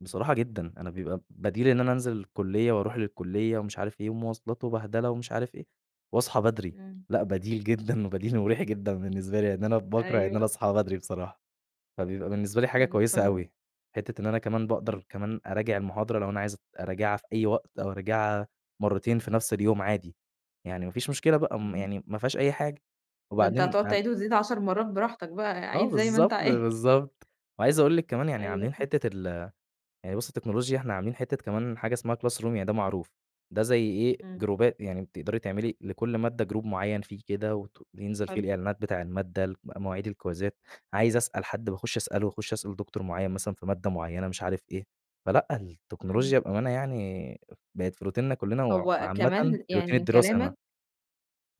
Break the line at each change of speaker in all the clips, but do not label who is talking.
بصراحة جدًا، أنا بيبقى بديل إن أنا أنزِل الكُلِّيَّة وأروح للكُلِّيَّة ومش عارف إيه، ومواصلات وبهدلة ومش عارف إيه، واصحى بدري
إمم.
لأ، بديل جدًا وبديل مُريح جدًا بالنسبة لي، لإن أنا باكره إن أنا
أيوه.
أصحى بدري بصراحة، فبيبقى بالنسبة لي حاجة
إمم،
كويسة
تمام.
أوي. حِتّة إن أنا كمان
إمم.
باقدر كمان أراجع المُحاضرة لو أنا عايز ات أراجعها في أي وقت، أو أراجعها مرتين في نفس اليوم عادي، يعني ما فيش مشكلة بقى، م
إمم.
يعني ما فيهاش أي حاجة،
ده أنت
وبعدين
هتقعُد
ام
تعيد وتزيد 10 مرّات براحتك بقى،
آه،
عيد زي ما أنت
بالضبط
عايز.
بالضبط، وعايز أقول لِك كمان يعني
أيوه،
عاملين
إمم.
حتّة ال يعني بُصي التكنولوجيا، إحنا عاملين حتّه كمان حاجة إسمها Classroom يعني ده معروف، ده زي إيه
إمم.
جروبات يعني بتقدري تعملي لكل مادة Group مُعيّن فيه كده، وت بينزل فيه
حلو.
الإعلانات بتاع المادة، الك مواعيد الكويزات عايز أسأل حد باخُش أسأله، وأخُشّ أسأل دكتور مُعيّن مثلًا في مادة مُعيّنة مش عارف إيه، فلأ،
إمم.
التكنولوجيا بأمانة يعني بقت في روتيننا كُلّنا، وع
هو
وعامّةً
كمان
في
يعني
روتين
من
الدراسة ما
كلامك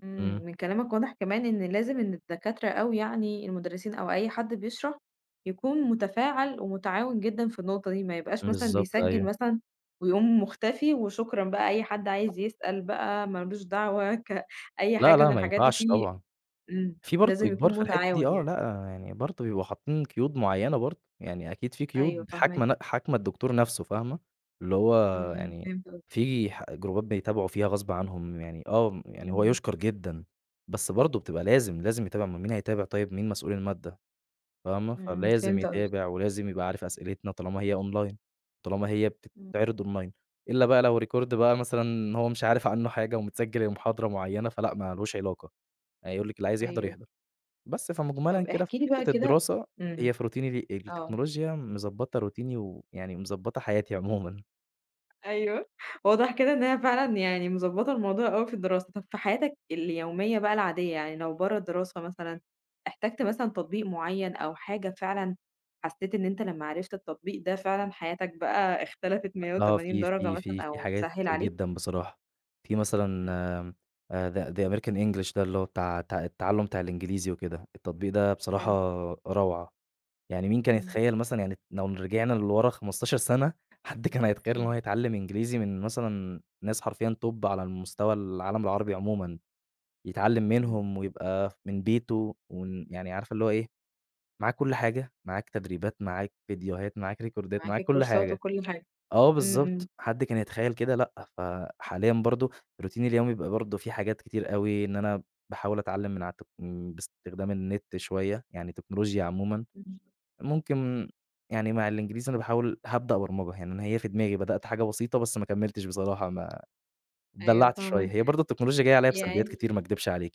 إمم
إمم.
من كلامك واضح كمان إن لازم إن الدكاترة أو يعني المُدرّسين أو أي حد بيشرح، يكون مُتفاعل ومُتعاون جدًا في النُقطة دي، ما يبقاش مثلًا
بالضبط،
بيسجِّل
أيوه.
مثلًا، ويقوم مُختفي وشكرًا بقى أي حد عايز يسأل بقى ما لوش دعوة، ك أي
لأ
حاجة
لأ،
من
ما
الحاجات دي
ينفعش
في
طبعًا.
إمم
في برضه
لازم
إجبار
يكون
في الحِتّه دي
مُتعاون
آه، لأ،
يعني.
يعني برضه بيبقوا حاطِّين قُيود مُعيّنة برضه، يعني أكيد في
أيوه،
قُيود
فاهماك.
حاكمة ن حاكمة الدكتور نَفْسُه فاهمة، اللي هو
إمم، إمم،
يعني
فهمت قصدك.
في ح جروبات بيتابعوا فيها غصب عنهم يعني آه، يعني هو
إمم.
يُشكَر جدًا، بس برضه بتبقى لازم، لازم يتابع أُمَّال مين هيتابع طيب، مين مسؤول المادَّة فاهمة،
إمم، إمم،
فلازم
فهمت قصدك.
يتابع ولازم يبقى عارف أسئلتنا، طالما هي Online طالما هي
إمم.
بتتعرض Online إلّا بقى لو Record بقى مثلًا هو مش عارف عَنّه حاجة ومتسجل المحاضرة معيّنة فلأ، ما لوش علاقة، هيقول لِك اللي عايز يحضر
أيوه.
يحضر، بس فمُجملًا
طَب
كده في
احكِ لي بقى
حِتّة
كده
الدراسة
إمم،
هي في روتيني دي
آه.
التكنولوجيا مضبطة روتيني ويعني مضبطة حياتي عمومًا.
أيوه، واضح كده إن هي فعلًا يعني مضبطة الموضوع أوي في الدراسة، طَب في حياتك اليومية بقى العادية، يعني لو برَّا الدراسة مثلًا، احتجت مثلًا تطبيق معيّن أو حاجة فعلًا حَسِّيت إن أنت لمّا عرفت التّطبيق ده فعلًا حياتك بقى اختلفت مِيّة
آه،
وتَمَانين
في
درجة
في في
مثلًا،
في
أو
حاجات
سهّل
كتير
عليك؟
جدًا بصراحة، في مثلًا
إمم.
آآ The the American English ده اللي هو بتاع ت التّعلُّم بتاع الإنجليزي وكده، التطبيق ده بصراحة
حلو.
روعة، يعني مين كان
إمم.
يتخيّل مثلًا يعني لو رجعنا لورا 15 سنة، حد كان هيتخيّل إن هو
إمم.
هيتعلّم إنجليزي من مثلًا ناس حرفيًا Top على المستوى العالم العربي عمومًا، يتعلم
إمم.
منهم ويبقى ف من بيتُه ومن يعني عارفة اللي هو إيه، معاك كُلّ حاجة، معاك تدريبات، معاك فيديوهات، معاك ريكوردات
معاك
معاك كُلّ
الكورسات
حاجة،
وكُلّ حاجة،
آه
إمم، إمم.
بالضبط، حد كان يتخيّل كده لأ، ف حاليًا برضه روتيني اليومي بيبقي برضه في حاجات كتير أوي، إن أنا باحاول أتعلّم من عالت إمم بإستخدام النت شوية، يعني تكنولوجيا عمومًا،
إمم.
ممكن يعني مع الإنجليزي أنا باحاول هابدأ برمجة هنا، هي في دماغي بدأت حاجة بسيطة بس ما كملتش بصراحة ما
أيوه
اتدلعت شوية،
فاهماك،
هي برضه التكنولوجيا جاية عليّا بسلبيات
يعني
كتير ما اكدبش عليكِ.